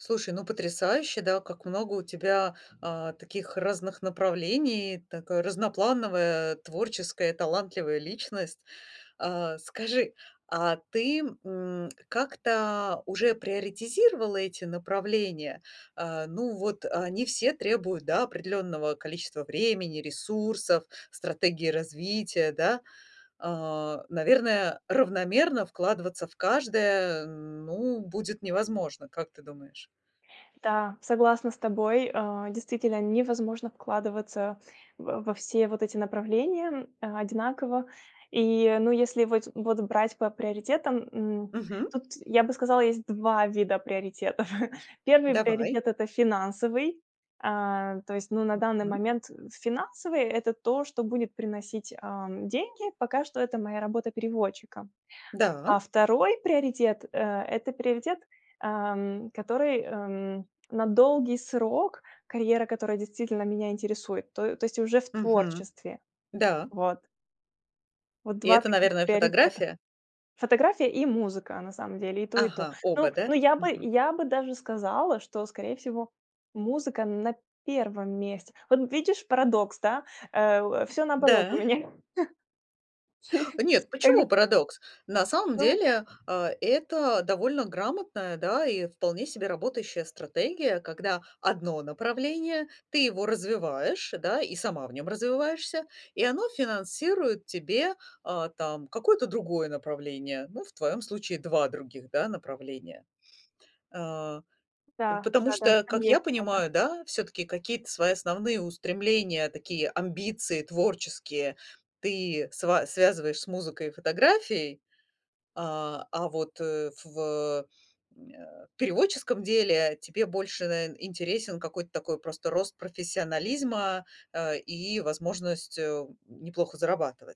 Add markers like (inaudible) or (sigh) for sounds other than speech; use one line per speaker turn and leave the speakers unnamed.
Слушай, ну потрясающе, да, как много у тебя, а, таких разных направлений, такая разноплановая, творческая, талантливая личность. А скажи, а ты, м, как-то уже приоритизировала эти направления? А, ну вот, они все требуют, да, определенного количества времени, ресурсов, стратегии развития, да? А, наверное, равномерно вкладываться в каждое, ну, будет невозможно, как ты думаешь?
Да, согласна с тобой, а, действительно невозможно вкладываться в во все вот эти направления, м, одинаково. И, ну, если воть вот брать по приоритетам, м,
Мгм.
тут я бы сказала, есть 2 вида приоритетов. (chuckles) Первый
Давай.
приоритет- это финансовый. А то есть, ну, на данный
Мгм.
момент, э, финансовый- это то, что будет приносить, ам, деньги. Пока что это моя работа переводчика.
Да.
А второй приоритет, э,- это приоритет, ам, который, ам, на долгий срок, карьера, которая действительно меня интересует, то то есть уже в
Мгм.
творчестве
Да.
вот. Вот
И
2
это,
таких
наверное,
приоритета:
фотография?
фотография и музыка, на самом деле. И то, и то.
Ага,
Но
оба, да?
но я бы
Мгм.
я бы даже сказала, что, скорее всего, музыка на 1 месте. Вот видишь парадокс, да? Э, у э, всё наоборот у
Да.
меня. (chuckles)
Нет,
Так.
почему парадокс? На самом
Ну
деле, а, это довольно грамотная, да и вполне себе работающая стратегия, когда одно направление ты его развиваешь, да и сама в нем развиваешься, и оно финансирует тебе, а, там какое-то другое направление. Ну, в твоем случае 2 других, да, направления. А.
Да,
Потому
да-да, в
что,
этом
как я
есть что-то.
понимаю, да, всё-таки какие-то свои основные устремления, такие амбиции творческие ты сва связываешь с музыкой и фотографией, а, а вот, э, в э, м, э переводческом деле тебе больше, навер интересен какой-то такой просто рост профессионализма, а, и возможность, э, неплохо зарабатывать.